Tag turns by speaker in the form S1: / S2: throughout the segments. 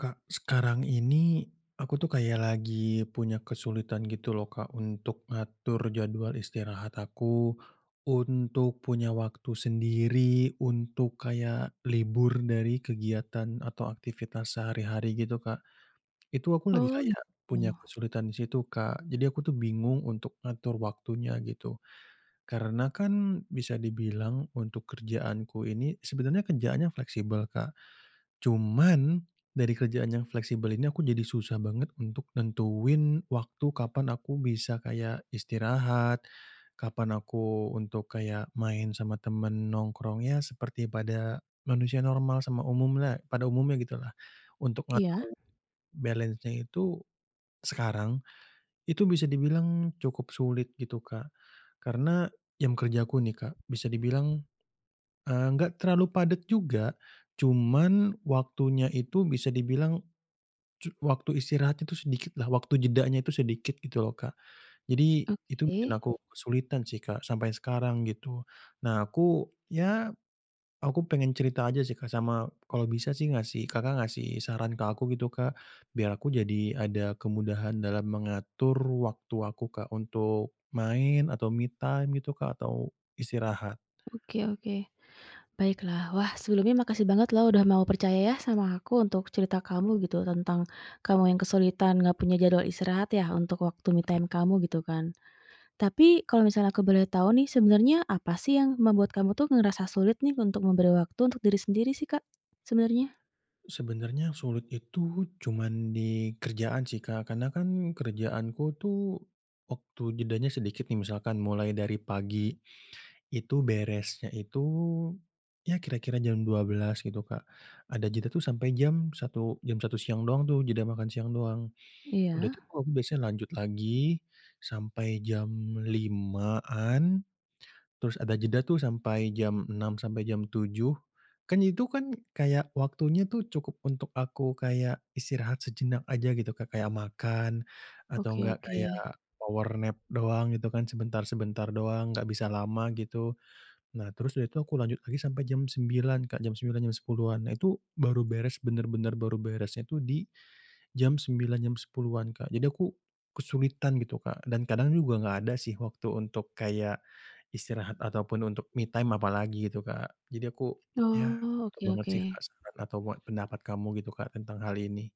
S1: Kak sekarang ini, aku tuh kayak lagi punya kesulitan gitu loh Kak untuk ngatur jadwal istirahat aku, untuk punya waktu sendiri, untuk kayak libur dari kegiatan atau aktivitas sehari-hari gitu Kak. Itu aku lagi
S2: Oh, gitu.
S1: kayak punya kesulitan di situ Kak, jadi aku tuh bingung untuk ngatur waktunya gitu. Karena kan bisa dibilang untuk kerjaanku ini, sebenarnya kerjaannya fleksibel Kak, cuman dari kerjaan yang fleksibel ini aku jadi susah banget untuk nentuin waktu kapan aku bisa kayak istirahat, kapan aku untuk kayak main sama teman nongkrongnya seperti pada manusia normal sama umumlah pada umumnya gitulah. Untuk
S2: Iya.
S1: ngatur balance-nya itu sekarang itu bisa dibilang cukup sulit gitu Kak, karena jam kerja aku nih Kak, bisa dibilang, eee, gak terlalu padat juga cuman waktunya itu bisa dibilang cu waktu istirahat itu sedikit lah, waktu jedanya itu sedikit gitu loh Kak. Jadi itu bikin
S2: Oke.
S1: aku kesulitan sih Kak sampai sekarang gitu. Nah aku ya aku pengen cerita aja sih Kak sama kalau bisa sih ngasih Kakak ngasih saran ke aku gitu Kak biar aku jadi ada kemudahan dalam mengatur waktu aku Kak untuk main atau me time gitu Kak atau istirahat.
S2: Oke oke baiklah wah sebelumnya makasih banget lo udah mau percaya ya sama aku untuk cerita kamu gitu tentang kamu yang kesulitan nggak punya jadwal istirahat ya untuk waktu me time kamu gitu kan. Tapi kalau misalnya aku boleh tahu nih sebenarnya apa sih yang membuat kamu tuh ngerasa sulit nih untuk memberi waktu untuk diri sendiri sih Kak sebenarnya?
S1: Sebenarnya sulit itu cuma di kerjaan sih Kak, karena kan kerjaanku tuh waktu jedanya sedikit nih misalkan, mulai dari pagi itu beresnya itu, ya kira kira jam 12.00 gitu Kak, ada jeda tuh sampai jam satu jam satu siang doang tuh jeda makan siang doang, udah
S2: Iya.
S1: itu aku biasanya lanjut lagi sampai jam 5.00-an terus ada jeda tuh sampai jam 6.00 sampai jam 7.00, kan itu kan kayak waktunya tuh cukup untuk aku kayak istirahat sejenak aja gitu ke kayak makan atau
S2: Oke
S1: gak
S2: oke.
S1: kayak power nap doang gitu kan, sebentar-sebentar doang, gak bisa lama gitu. Nah terus dari itu aku lanjut lagi sampai jam 9.00 Kak, jam 9.00 jam 10.00-an, nah itu baru beres, bener-bener baru beresnya tu di jam 9.00 jam 10.00-an Kak, jadi aku kesulitan gitu Kak dan kadang juga gak ada sih waktu untuk kayak istirahat ataupun untuk me time apalagi gitu Kak jadi aku ya,
S2: Oh,
S1: butuh
S2: oke
S1: banget sih Kak
S2: oke.
S1: saran atau pe pendapat kamu gitu Kak tentang hal ini.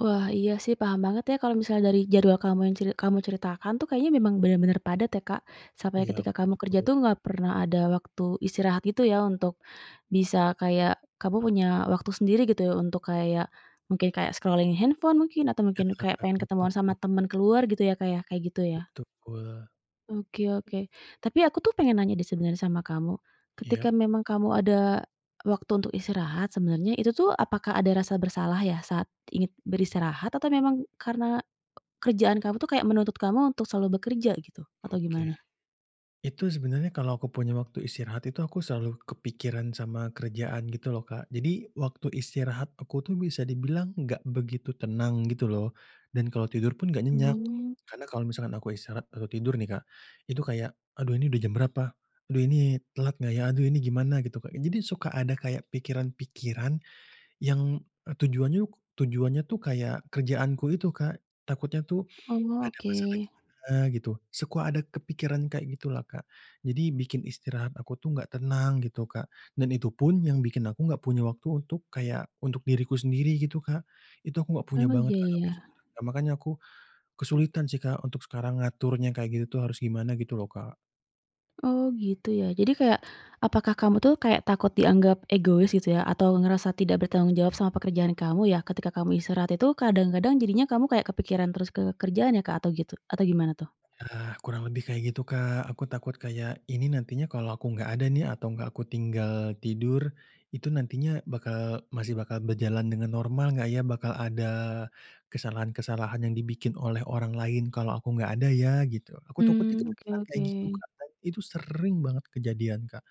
S2: Wah iya sih paham banget ya kalau misal dari jadwal kamu yang ceri kamu ceritakan tuh kayaknya memang bener-bener padat ya Kak, sampai
S1: Iya
S2: ketika kamu kerja
S1: betul.
S2: tuh nggak pernah ada waktu istirahat gitu ya untuk bisa kayak kamu punya waktu sendiri gitu ya untuk kayak, mungkin kayak scrolling handphone mungkin atau
S1: Ya,
S2: mungkin kayak pengen ketemuan
S1: betul.
S2: sama temen keluar gitu ya Kak ya, kayak gitu ya.
S1: Betul.
S2: Oke oke tapi aku tuh pengen nanya deh sebenarnya sama kamu,
S1: Iya.
S2: ketika memang kamu ada waktu untuk istirahat sebenarnya itu tuh apakah ada rasa bersalah ya saat ingin beristirahat atau memang karena kerjaan kamu tuh kayak menuntut kamu untuk selalu bekerja gitu? Atau
S1: Oke.
S2: gimana?
S1: Itu sebenarnya kalau aku punya waktu istirahat itu aku selalu kepikiran sama kerjaan gitu loh Kak, jadi waktu istirahat aku tuh bisa dibilang gak begitu tenang gitu loh, dan kalau tidur pun gak nyenyak,
S2: Oh.
S1: karena kalau misalkan aku istirahat atau tidur nih Kak, itu kayak, "Aduh ini udah jam berapa? Aduh ini telat gak ya? Aduh ini gimana?" gitu Kak, jadi suka ada kayak pikiran-pikiran yang, eee, tujuannya tujuannya tuh kayak kerjaanku itu Kak, takutnya tuh
S2: Oh,
S1: ada
S2: oke.
S1: masalah gimana gitu, suka ada kepikiran kayak gitulah Kak jadi bikin istirahat aku tuh gak tenang gitu Kak, dan itu pun yang bikin aku gak punya waktu untuk kayak untuk diriku sendiri gitu Kak, itu aku gak punya
S2: Emang
S1: banget
S2: iya
S1: Kak sampai
S2: ya?
S1: sekarang. Makanya aku kesulitan sih Kak untuk sekarang ngaturnya kayak gitu tuh harus gimana gitu loh Kak.
S2: Oh gitu ya. Jadi kayak, apakah kamu tuh kayak takut dianggap egois gitu ya atau ngerasa tidak bertanggung jawab sama pekerjaan kamu ya ketika kamu istirahat itu kadang-kadang jadinya kamu kayak kepikiran terus ke kerjaan ya Kak atau gitu atau gimana tuh?
S1: Ya, kurang lebih kayak gitu Kak, aku takut kayak ini nantinya kalau aku gak ada nih, atau gak aku tinggal tidur, itu nantinya bakal masih bakal berjalan dengan normal gak ya? Bakal ada kesalahan-kesalahan yang dibikin oleh orang lain kalau aku gak ada ya? Gitu aku takutnya
S2: Mmm, oke
S1: kepikiran kayak gitu
S2: oke.
S1: Kak, dan itu sering banget kejadian Kak,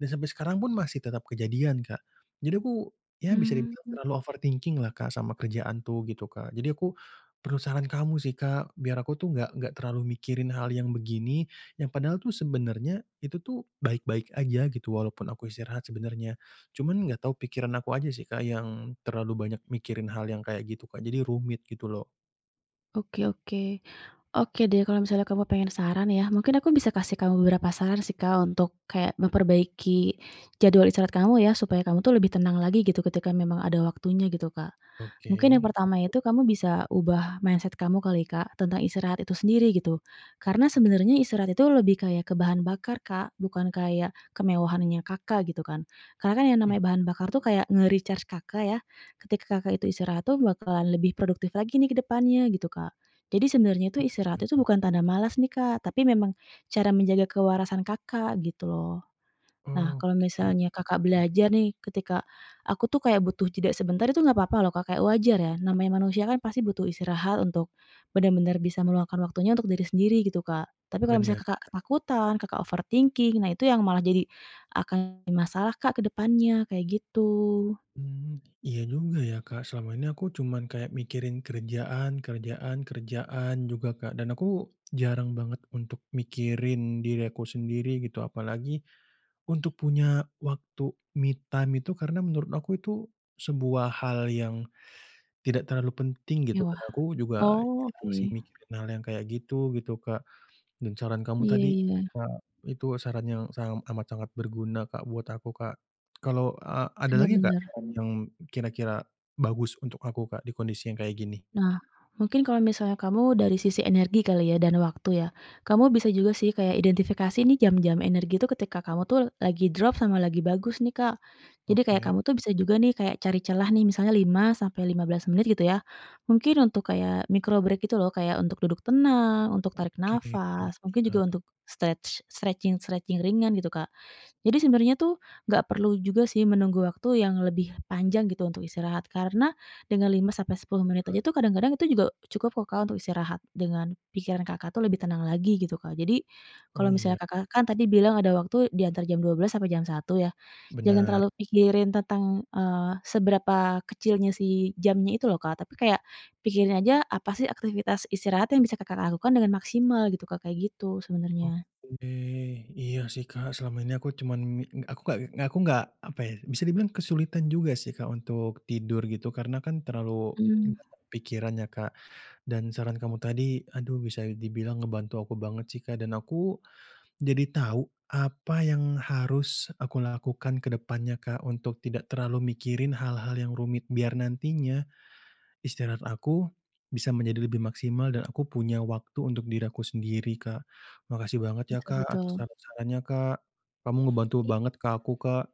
S1: dan sampai sekarang pun masih tetap kejadian Kak. Jadi aku ya bisa dibilang
S2: Mmm.
S1: terlalu overthinking-lah Kak sama kerjaan tuh gitu Kak. Jadi aku perlu saran kamu sih Kak biar aku tuh gak gak terlalu mikirin hal yang begini yang padahal tuh sebenarnya itu tuh baik-baik aja gitu walaupun aku istirahat sebenarnya. Cuman gak tahu pikiran aku aja sih Kak yang terlalu banyak mikirin hal yang kayak gitu Kak jadi rumit gitu loh.
S2: Oke oke, oke deh kalau misalnya kamu pengen saran ya mungkin aku bisa kasih kamu beberapa saran sih Kak untuk kayak memperbaiki jadwal istirahat kamu ya, supaya kamu tuh lebih tenang lagi gitu ketika memang ada waktunya gitu Kak. Mungkin yang
S1: Oke.
S2: pertama itu kamu bisa ubah mindset kamu kali Kak tentang istirahat itu sendiri gitu. Karena
S1: Oke.
S2: sebenarnya istirahat itu lebih kayak ke bahan bakar Kak, bukan kayak kemewahannya Kakak gitu kan, karena yang
S1: Iya.
S2: namanya bahan bakar tuh kayak nge-recharge Kakak ya, ketika Kakak itu istirahat tuh bakalan lebih produktif lagi nih ke depannya gitu Kak. Jadi sebenarnya itu
S1: Oke
S2: istirahat itu
S1: Kak.
S2: bukan tanda males nih Kak, tapi memang cara menjaga kewarasan Kakak gitu loh. Nah, kalau
S1: Oke,
S2: misalnya Kakak
S1: hmm.
S2: belajar nih ketika, "Aku tuh kayak butuh jeda sebentar," itu enggak papa loh Kak kayak wajar ya, namanya manusia kan pasti butuh istirahat untuk benar-benar bisa meluangkan waktunya untuk diri sendiri gitu Kak, tapi kalau misalnya
S1: Bener.
S2: ketakutan Kakak overthinking, nah itu yang malah jadi akan masalah Kak ke depannya kayak gitu.
S1: Mmm, iya juga ya Kak selama ini aku cuma kayak mikirin kerjaan kerjaan kerjaan juga Kak, dan aku jarang banget untuk mikirin diri aku sendiri gitu apalagi untuk punya waktu me time itu karena menurut aku itu sebuah hal yang tidak terlalu penting gitu,
S2: Mewah,
S1: karena aku juga
S2: oh oke.
S1: masih mikirin hal yang kayak gitu, gitu Kak dan saran kamu
S2: Iya
S1: tadi,
S2: iya.
S1: eee, itu saran yang sa amat sangat berguna Kak buat aku Kak, kalau a ada
S2: Bener
S1: lagi gak
S2: bener.
S1: saran yang kira-kira bagus untuk aku Kak di kondisi yang kayak gini?
S2: Nah, mungkin kalau misalnya kamu dari sisi energi kali ya dan waktu ya, kamu bisa juga sih kayak identifikasi nih jam-jam energi itu ketika kamu tuh lagi drop sama lagi bagus nih Kak, jadi kayak
S1: Oke.
S2: kamu tuh bisa juga nih kayak cari celah nih misalnya 5-15 menit gitu ya, mungkin untuk kayak micro break gitu loh kayak untuk duduk tenang, untuk tarik
S1: Oke,
S2: nafas, mungkin juga
S1: iya.
S2: untuk stretch stretching-stretching ringan gitu Kak, jadi sebenarnya tuh nggak perlu juga sih menunggu waktu yang lebih panjang gitu untuk istirahat, karena dengan 5-10 menit aja
S1: Ya.
S2: tuh kadang-kadang itu juga cukup loh Kak untuk istirahat dengan pikiran Kakak tuh lebih tenang lagi gitu Kak. Jadi
S1: Oh
S2: kalau
S1: iya.
S2: misalnya Kakak kan tadi bilang ada waktu diantar jam 12.00 sampai jam 1.00 ya, jangan
S1: Bener.
S2: terlalu pikirin tentang, eee, seberapa kecilnya sih jamnya itu loh Kak, tapi kayak pikirin aja apa sih aktivitas istirahat yang bisa Kakak lakukan dengan maksimal gitu Kak kayak gitu sebenarnya.
S1: Oke, iya sih Kak selama ini aku cuman mi ng aku gak aku gak apa ya, bisa dibilang kesulitan juga sih Kak untuk tidur gitu karena kan terlalu
S2: Mmm.
S1: [unintelligible] pikirannya Kak, dan saran kamu tadi aduh bisa dibilang ngebantu aku banget sih Kak dan aku jadi tahu apa yang harus aku lakukan ke depannya Kak, untuk tidak terlalu mikirin hal-hal yang rumit biar nantinya istirahat aku bisa menjadi lebih maksimal dan aku punya waktu untuk diri aku sendiri Kak. Makasih banget ya
S2: Betul
S1: Kak atas
S2: betul.
S1: saran-saranya Kak. Kamu ngebantu
S2: I
S1: banget ke aku Kak.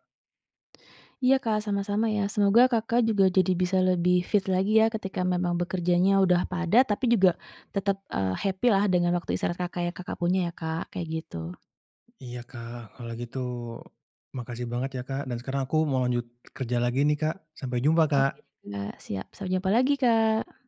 S2: Iya Kak sama-sama ya. Semoga Kakak juga jadi bisa lebih fit lagi ya ketika memang bekerjanya udah padat tapi juga tetap, eee, happy-lah dengan waktu istirahat Kakak yang Kakak punya ya Kak, kayak gitu.
S1: Iya Kak, kalau gitu makasih banget ya Kak dan sekarang aku mau lanjut kerja lagi nih Kak, sampai jumpa
S2: Oke
S1: Kak.
S2: Kak, siap. Sampai jumpa lagi Kak.